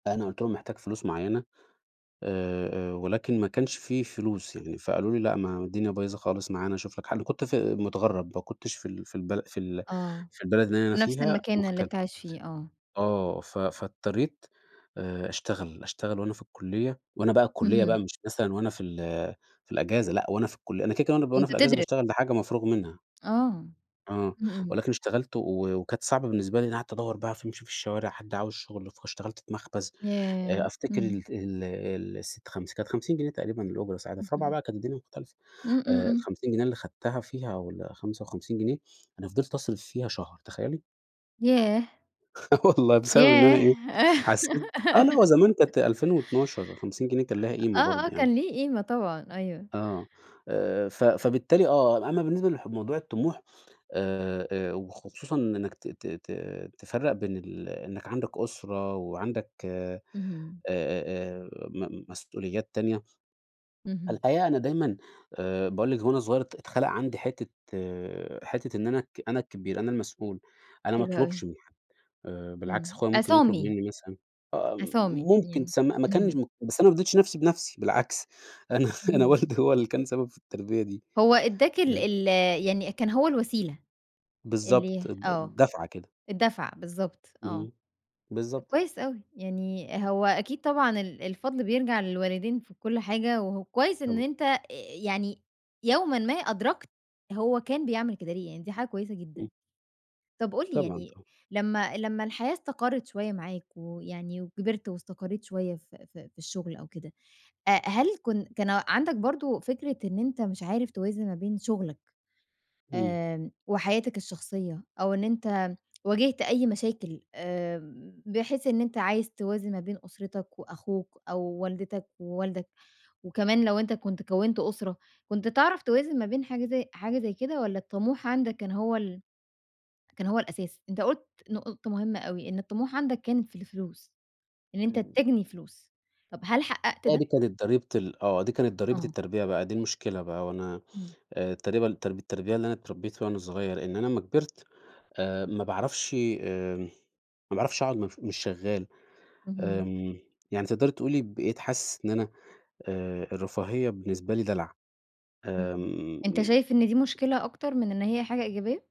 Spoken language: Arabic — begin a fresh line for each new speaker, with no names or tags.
أنا قُلت لهم محتاج فلوس معيّنة آآ آآ ولكن ما كانش في فلوس يعني فقالوا لي: "لأ، ما الدنيا بايظة خالص معانا، شُوف لك حل." كنت في متغرّب، ما كنتش في ال في البل في ال
آه،
في البلد اللي أنا
نفْس
فيها،
المكان اللي
مغتر
أنت عايش فيه، آه.
آه، ف فاضطريت آآ أشتغل، أشتغل وأنا في الكُليّة وأنا بقى الكُليّة بقى
اهم.
مش مثلًا وأنا في ال في الإجازة لأ وأنا في الكُليّ أنا كده، كده وأنا ب في
أنت
الإجازة
تدر
باشتغل دي حاجة مفروغ منها.
آه،
آه
إمم، إمم.
ولكن اشتغلت و وكانت صعبة بالنسبة لي لإن قعَدت أدوّر بقى ف أمشي في الشوارع، حد عاوز شُغل، فاشتغلت في مخبز،
ياه!
آآ أفتكَر
إمم.
ال ال ال سِت خمس كانت 50 جنيه تقريبًا الأجرة ساعتها، في رابعة
اهم.
بقى كانت الدنيا مختلفة،
إمم، إمم،
آآ
إمم.
ال50 جنيه اللي خَدتها فيها والّا 55 جنيه. أنا فضِلت أصرِف فيها شهر، تخيّلي.
ياه!
آه والله بسبب إن أنا إيه،
ياه!
حسّيت آه، اللي هو زمان كانت 2012 ال50 جنيه كان ليها قيمة
آآ، آه،
برضه
آه،
يعني.
كان ليه قيمة طبعًا، أيوه.
آه، آآ ف فبالتالي آه، أمّا بالنسبة لح لموضوع الطموح آآ، آآ وخصوصًا من إنك ت ت ت تفرّق بين ال إنك عَندك أُسرة وعَندك أ
اهم.
أ أ م مسؤوليات تانية،
اهم.
الحقيقة أنا دايمًا آآ باقول لِك وأنا صغيّر ات اتخلَق عندي حتّة حتّة إن أنا الك أنا الكبير، أنا المسؤول، أنا ما
حلو أوي.
اطلُبش من حد آآ،
إمم.
بالعكس أخويا ممكن يطلُب
عصامي.
مني، مثلًا آه،
عصامي
ممكن
يعني
تسم ما كانش
اهم.
م بس أنا ما [unintelligible] نفْسي بنفسي، بالعكس أنا أنا
اهم.
والدي هو اللي كان سبب في التربية دي
هو إدّاك ال
[unintelligible]
ال يعني كان هو الوسيلة
بالضبط،
اللي
د د
آه،
دَفعة كده.
الدَّفعة، بالضبط آه،
اهم،
ده
بالضبط.
كويس أوي، يعني هو أكيد طبعًا ال الفضْل بيرجَع للوالدين في كلّ حاجة وهو كويس إن
طبعًا.
أنت آآ، يعني يومًا ما أدرَكت هو كان بيعمل كده ليه، يعني دي حاجة كويسة جدًا.
إمم.
طَب قُل لي،
طبعًا،
يعني
طبعًا.
لمّا لمّا الحياة استقرِّت شوية معاك، ويعني وكبِرت واستقرّيت شوية في في في الشغل أو كده أ هل كن كان عَندك برضه فكرة إن أنت مش عارف توازن ما بين شُغلك
إمم.
آآ، وحياتك الشخصية أو إن أنت واجِهت أي مشاكل آآ، بحيث إن أنت عايز توازن ما بين أُسرتك وأخوك أو والدتك ووالدك، وكمان لو أنت كنت كوّنت أسرة، كنت تعرَف توازن ما بين حاجة زي حاجة زي كده؟ والّا الطموح عَندك كان هو ال كان هو الأساس؟ أنت قُلت نُقطة مهمة أوي، إن الطموح عَندك كانت في الفلوس، إن أنت
إمم.
تجني فلوس، طَب هل حقّقت
آه، دي
ده؟
كانت ضريبة ال آه، دي كانت ضريبة
آه.
التربية بقى، دي المشكلة بقى وأنا
إمم.
آآ تقريبًا ترب التربية اللي أنا اتربّيتها وأنا صغيّر إن أنا أمّا كبِرت آآ، ما باعرفش آمم ما باعرفش أقعُد مش مش شغّال
اهم.
آمم، يعني تقدَري تقولي بقيت حاسس إن أنا آآ، الرفاهية بالنسبة لي دلَع.
إمم،
آمم.
أنت
إمم.
شايف إن دي مشكلة أكتر من إن هي حاجة إيجابية؟